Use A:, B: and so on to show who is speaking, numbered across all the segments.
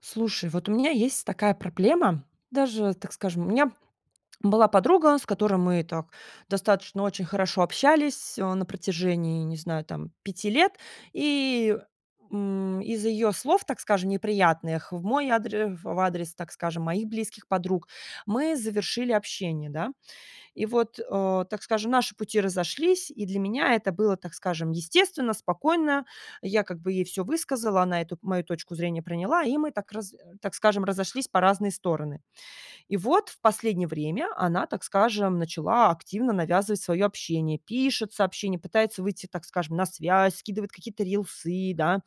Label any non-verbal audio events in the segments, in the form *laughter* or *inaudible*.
A: Слушай, вот у меня есть такая проблема, даже, так скажем, у меня была подруга, с которой мы так достаточно очень хорошо общались, а, на протяжении, не знаю, там 5 лет. И, м, из ее слов, так скажем, неприятных в мой адре ф в адрес, так скажем, моих близких подруг, мы завершили общение, да. И вот, а, так скажем, наши пути разошлись, и для меня это было, так скажем, естественно, спокойно. Я как бы ей всё высказала, она эту мою точку зрения приняла, и мы так раз так скажем, разошлись по разные стороны. И вот в последнее время она, так скажем, начала активно навязывать свое общение: пишет сообщения, пытается выйти, так скажем, на связь, скидывает какие-то рилсы, да,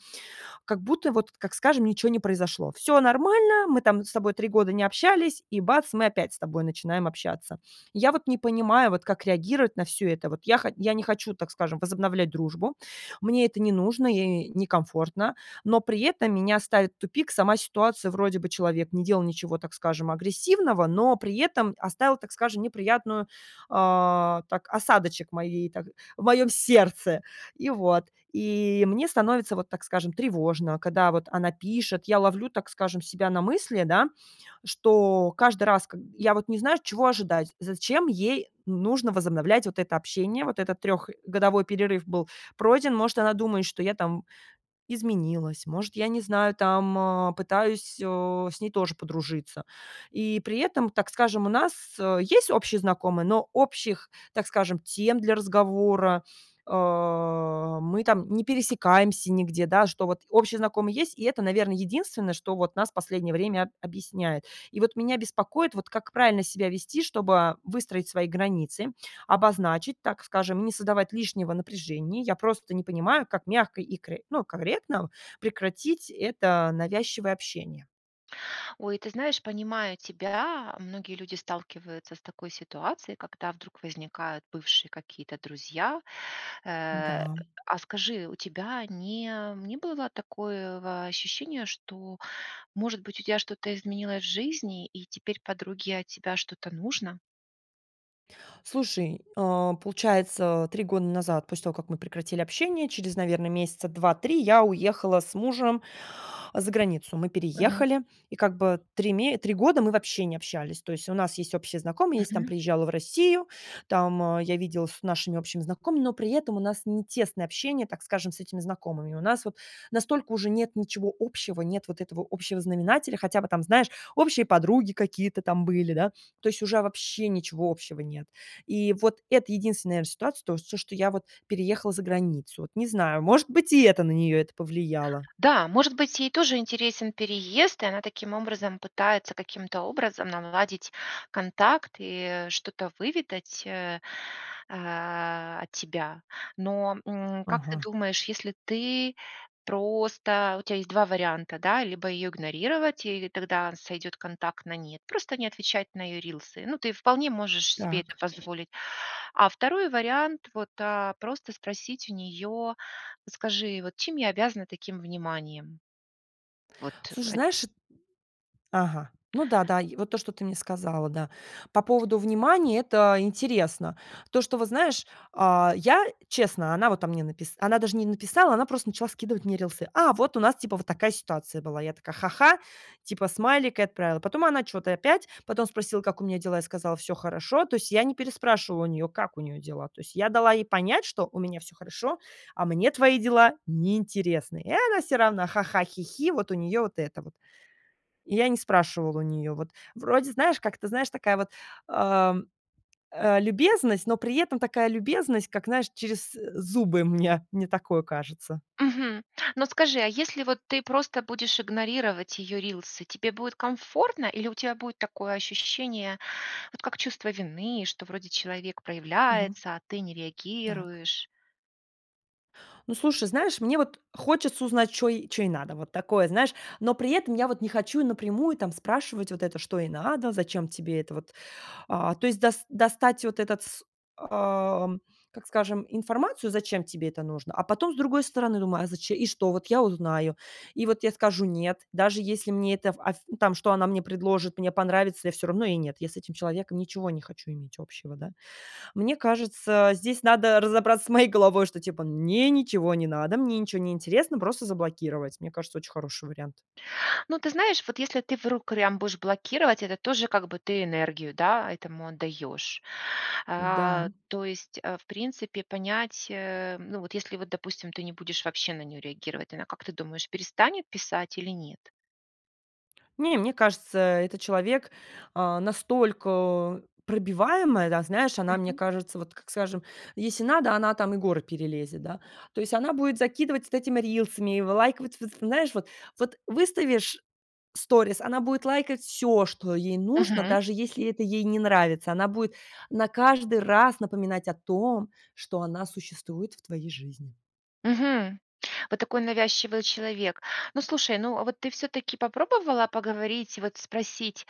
A: как будто вот, как скажем, ничего не произошло. Всё нормально, мы там с тобой 3 года не общались, и бац- мы опять с тобой начинаем общаться. Я вот не понимаю, вот как реагировать на всё это. Вот я хо я не хочу, так скажем, возобновлять дружбу, мне это не нужно и некомфортно, но при этом меня ставит в тупик сама ситуация: вроде бы человек не делал ничего, так скажем, агрессивного, но при этом оставил, так скажем, неприятную, а, так, осадочек в моей, так в моём сердце. И вот. И мне становится вот, так скажем, тревожно, когда вот она пишет, я ловлю, так скажем, себя на мысли, да, что каждый раз как я вот не знаю, чего ожидать, зачем ей н нужно возобновлять вот это общение. Вот этот трёхгодовой перерыв был пройден, может, она думает, что я там изменилась, может, я не знаю, там, а, пытаюсь, о, с ней тоже подружиться. И при этом, так скажем, у нас, э, есть общие знакомые, но общих, так скажем, тем для разговора, а, мы там не пересекаемся нигде, да, что вот общие знакомые есть, и это, наверно, единственное, что вот нас последнее время объясняет. И вот меня беспокоит, вот как правильно себя вести, чтобы выстроить свои границы, обозначить, так скажем, не создавать лишнего напряжения. Я просто не понимаю, как мягко и кры ну, корректно прекратить это навязчивое общение.
B: Ой, ты знаешь, понимаю тебя, многие люди сталкиваются с такой ситуацией, когда вдруг возникают бывшие какие-то друзья. Э,
A: Да.
B: а скажи, у тебя не не было такое ва ощущения, что, может быть, у тебя что-то изменилось в жизни и теперь подруге от тебя что-то нужно?
A: Слушай, э, получается, 3 года назад, после того, как мы прекратили общение, через, наверное, месяца 2-3 я уехала с мужем за границу. Мы
B: Мгм.
A: переехали, и как бы 3 ме 3 года мы вообще не общались, то есть у нас есть общие знакомые, если там
B: Мгм.
A: приезжала в Россию, там, а, я виделась с нашими общими знакомыми, но при этом у нас не тесное общение, так скажем, с этими знакомыми. У нас вот настолько уже нет ничего общего, нет вот этого общего знаменателя, хотя бы там, знаешь, общие подруги какие-то там были, да. То есть уже вообще ничего общего нет. И вот это единственная, наверно, ситуация, то, вот всё, что я вот переехала за границу, вот. Не знаю, может быть, и это на нее это повлияло.
B: Да, может быть, ей тоже интересен переезд, и она таким образом пытается каким-то образом наладить контакт и что-то выведать, э э, от тебя. Но, м, как ты
A: Ага.
B: думаешь, если ты просто Вот у тя есть 2 варианта, да: либо ее игнорировать, и тогда сойдет контакт на нет, просто не отвечать на ее рилсы, ну, ты вполне можешь себе это
A: Так.
B: позволить. А 2 вариант- вот, а, просто спросить у нее: "Вот скажи, вот чем я обязана таким вниманием?" Вот, э,
A: Слушай,
B: от
A: знаешь, эт Ага, ну да, да, и вот то, что ты мне сказала. Да, по поводу внимания- это интересно. То, что вот, знаешь, а, я честно, она вот мне написала она даже не написала, она просто начала скидывать мне рилсы. А, вот у нас, типа, вот такая ситуация была. Я такая: "Ха-ха", типа смайлик и отправила. Потом она чё-то опять, потом спросила, как у меня дела, я сказала: "Всё хорошо". То есть я не переспрашивала у неё, как у неё дела. То есть я дала ей понять, что у меня всё хорошо, а мне твои дела неинтересны. И она всё равно ха-ха-хи-хи, вот у неё вот это вот. И я не спрашивала у неё. Вот вроде, знаешь, как ты знаешь, такая вот, э, э, любезность, но при этом такая любезность, как, знаешь, через зубы, мне мне такое кажется.
B: Мгм. Но скажи, а если вот ты просто будешь игнорировать ее рилсы, тебе будет комфортно или у тебя будет такое ощущение, вот как чувство вины, что вроде человек
A: Мгм.
B: проявляется, а ты не
A: Так.
B: реагируешь?
A: Ну, слушай, знаешь, мне вот хочется узнать, чё ей чё ей надо, вот такое, знаешь, но при этом я вот не хочу напрямую там спрашивать вот это, что ей надо, зачем тебе это вот. А, то есть дос достать вот этот, с а, как скажем, информацию, зачем тебе это нужно, а потом с другой стороны думаю: "А заче и что вот я узнаю, и вот я скажу нет, даже если мне это, аф ну там, что она мне предложит, мне понравится, я всё равно ей нет, я с этим человеком ничего не хочу иметь общего, да". Мне кажется, здесь надо разобраться с моей головой, что типа мне ничего не надо, мне ничего не интересно, просто заблокировать. Мне кажется, очень хороший вариант.
B: Ну, ты знаешь, вот если ты в *unintelligible* прям будешь блокировать, это тоже как бы ты энергию, да, этому отдаешь.
A: Да.
B: А, то есть, э, в принципе понять, э, ну вот если, вот допустим, ты не будешь вообще на нее реагировать, она, как ты думаешь, перестанет писать или нет?
A: Не, мне кажется, это человек, а, настолько пробиваемая, да, знаешь, она, мне
B: Мгм.
A: кажется, вот, как скажем, если надо, она там и горы перелезет, да. То есть она будет закидывать вот этими рилсами, и вы лайковать вот в знаешь, вот. Вот выставишь сторис, она будет лайкать всё, что ей нужно,
B: Мгм.
A: даже если это ей не нравится. Она будет на каждый раз напоминать о том, что она существует в твоей жизни.
B: Мгм. Вот такой навязчивый человек. Ну, слушай, ну, а вот ты всё-таки попробовала поговорить и вот спросить: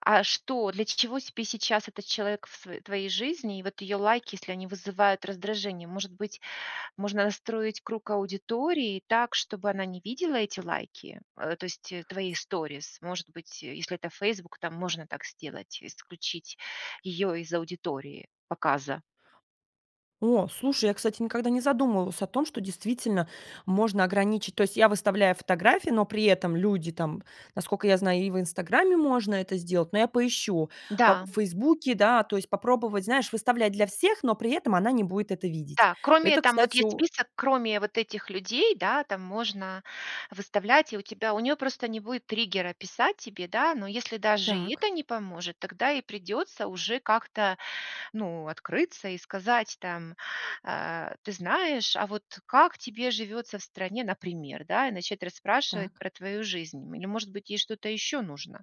B: "А что, для чего сейчас этот человек в сво твоей жизни и вот её лайки, если они вызывают раздражение?" Может быть, можно настроить круг аудитории так, чтобы она не видела эти лайки? Э, то есть, э, твои сторис. Может быть, если это "Фейсбук", там можно так сделать: исключить её из аудитории показа.
A: О, слушай, я, кстати, никогда не задумывалась о том, что действительно можно ограничить. То есть я выставляю фотографии, но при этом люди там, насколько я знаю, и в "Инстаграме" можно это сделать, но я поищу по в
B: Да.
A: "Фейсбуке". Да, то есть попробовать, знаешь, выставлять для всех, но при этом она не будет это видеть.
B: Да. Кроме
A: Это,
B: там вот
A: кстати,
B: есть
A: о
B: список, кроме вот этих людей, да, там можно выставлять, и у тебя у неё просто не будет триггера писать тебе, да. Но если даже и
A: Так.
B: это не поможет, тогда и придется уже как-то, ну, открыться и сказать там: "А, ты знаешь, а вот как тебе живется в стране?" Например, да, и начать расспрашивать
A: Так.
B: про твою жизнь или, может быть, ей что-то еще нужно.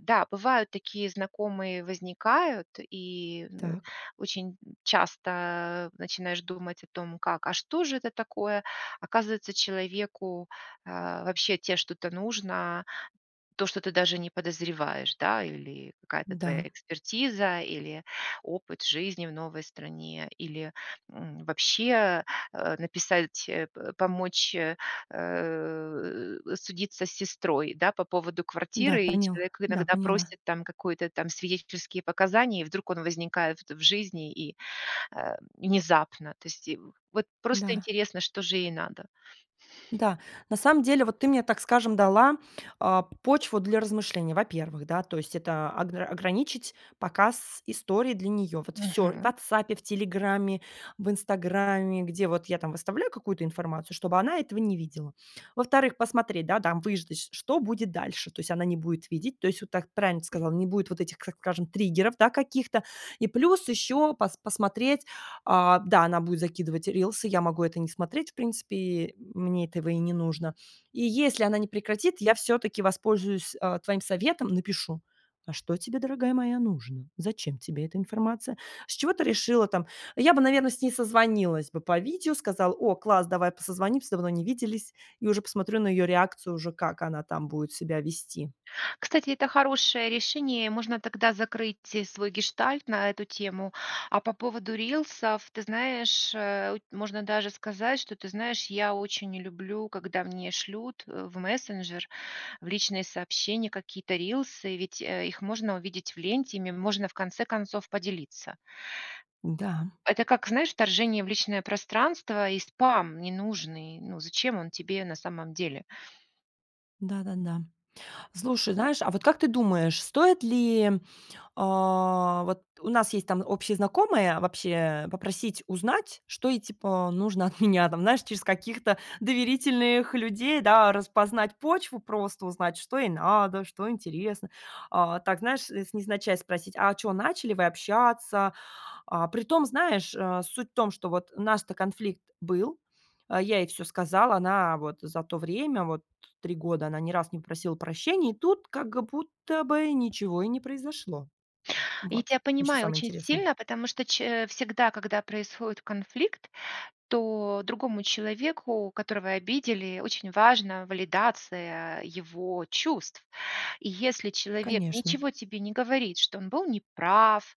B: Да, бывают такие знакомые возникают, и н э,
A: Так.
B: очень н часто начинаешь думать о том, как: а что же это такое? Оказывается, человеку, а, вообще от тебя что-то нужно, то, что ты даже не подозреваешь, да. Или какая-то твоя
A: Н-да.
B: экспертиза, или опыт жизни в новой стране, или м вообще, э написать, э пэ помочь, э э, судиться с сестрой, да, по поводу
A: Да,
B: квартиры, и
A: понил
B: человек
A: да,
B: иногда
A: поняла.
B: просит там какой-то там свидетельские показания, и вдруг он возникает вт в жизни и, э, внезапно, то есть и вот просто
A: Да.
B: интересно, что же ей надо.
A: Да, на самом деле, вот ты мне, так скажем, дала, а, почву для размышлений. Во-первых, да, то есть это огра ограничить показ историй для нее: вот всё в
B: Мгм.
A: "Ватсапе", в "Телеграме", в "Инстаграме", где вот я там выставляю какую-то информацию, чтобы она этого не видела. Во-вторых, посмотреть, да, там выждать, что будет дальше. То есть она не будет видеть, то есть вот так правильно ты сказала, не будет вот этих, как скажем, триггеров, да, каких-то. И плюс еще пос посмотреть, а, да, она будет закидывать рилсы. Я могу это не смотреть в принципе. И мне этого и не нужно. И если она не прекратит, я всё-таки воспользуюсь, а, твоим советом, напишу: "А что тебе, дорогая моя, нужно? Зачем тебе эта информация? С чего ты решила там?" Я бы, наверно, с ней созвонилась бы по видео, сказала: "О, класс, давай по созвонимся, давно не виделись". И уже посмотрю на её реакцию, уже как она там будет себя вести.
B: Кстати, это хорошее решение, и можно тогда закрыть свой гештальт на эту тему. А по поводу рилсов, ты знаешь, э у ть можно даже сказать, что ты знаешь, я очень не люблю, когда мне шлют, э, в мессенджер, в личные сообщения какие-то рилсы, ведь, э, их можно увидеть в ленте, ими можно, в конце концов, поделиться.
A: Н-да.
B: Это, как знаешь, вторжение в личное пространство и спам ненужный. Ну, зачем он тебе на самом деле?
A: Да-да-да. Слушай, знаешь, а, вот, как ты думаешь, стоит ли, а, вот, у нас есть, там, общие знакомые, вообще попросить узнать, что ей, типа, нужно от меня, там, знаешь, через каких-то доверительных людей, да, распознать почву, просто узнать, что ей надо, что интересно, а, так, знаешь, из невзначай спросить: "А чё, начали вы общаться?". А, притом, знаешь, э, суть в том, что вот у нас-то конфликт был, я ей всё сказала. Она вот за то время, вот 3 года она ни разу не просила прощения, и тут как будто бы ничего и не произошло.
B: Я
A: Вот,
B: тя
A: ещё
B: понимаю
A: самое
B: очень
A: интересное.
B: сильно, потому что ч э, всегда, когда происходит конфликт, то другому человеку, которого обидели, очень важно валидация его чувств. И, если человек
A: Конечно.
B: ничего тебе не говорит, что он был неправ,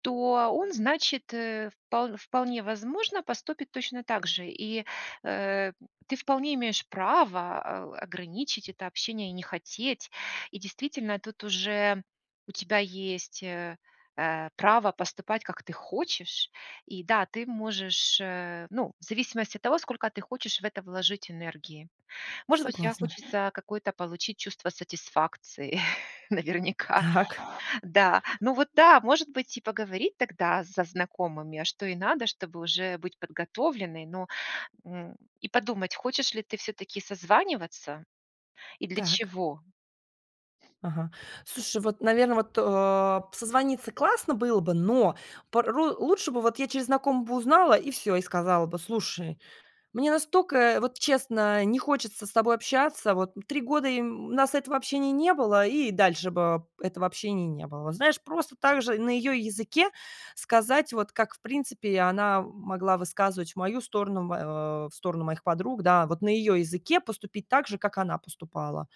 B: то он, значит, э, впол вполне возможно, поступит точно так же и, э, ты вполне имеешь право, а, у, ограничить это общение и не хотеть. И, действительно, тут уже у тебя есть, э, э, право поступать, как ты хочешь. И да, ты можешь, э, ну, в зависимости от того, сколько ты хочешь в это вложить энергии. Может быть, тебе
A: Согласна.
B: хочется какое-то получить чувство сатисфакции, *chuckles* наверняка.
A: Так.
B: Да. Ну, вот да, может быть и поговорить тогда со знакомыми, а что ей надо, чтобы уже быть подготовленной, ну, м, и подумать, хочешь ли ты всё-таки созваниваться и для
A: Так.
B: чего.
A: Ага. Слушай, вот, наверное, вот, э, созвониться классно было бы, но порой лучше бы вот я через знакомых бы узнала и всё, и сказала бы: "Слушай, мне настолько вот, честно, не хочется с тобой общаться. Вот 3 года и, м, у нас этого общения не было, и дальше бы этого общения не было". Вот знаешь, просто так же на её языке сказать, вот как, в принципе, она могла высказывать в мою сторону, в, э, в сторону моих подруг, да, вот, на её языке поступить так же, как она поступала.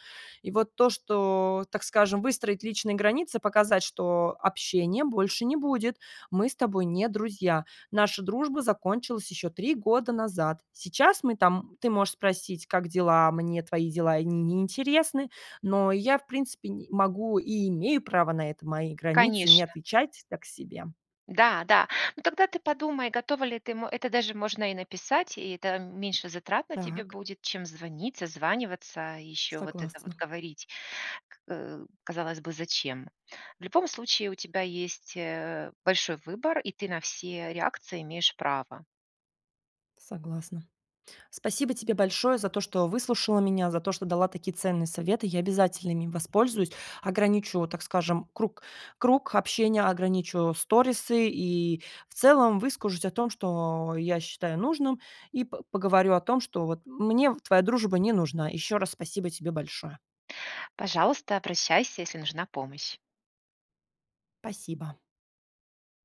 A: И вот то, что, так скажем, выстроить личные границы, показать, что: "Общения больше не будет. Мы с тобой не друзья. Наша дружба закончилась ещё 3 года назад. Сейчас мы там ты можешь спросить 'Как дела?'. Мне твои дела и не интересны, но я, в принципе, н могу и имею право на это. Мои границы- не
B: Конечно.
A: отвечать так себе".
B: Да-да. Ну, тогда ты подумай, готова ли ты, м Это даже можно и написать, и это меньше затрат на тебе
A: Так.
B: будет, чем звонить, созваниваться и ещё вот это вот
A: Согласна.
B: говорить. К *grunts* казалось бы, зачем? В любом случае у тебя есть, э, большой выбор, и ты на все реакции имеешь право.
A: Согласна. Спасибо тебе большое за то, что выслушала меня, за то, что дала такие ценные советы. Я обязательно ими воспользуюсь, ограничу, так скажем, круг круг общения, ограничу сторисы и, в целом, выскажусь о том, что я считаю нужным, и п поговорю о том, что, вот, мне вт твоя дружба не нужна. Ещё раз спасибо тебе большое.
B: Пожалуйста, обращайся, если нужна помощь.
A: Спасибо.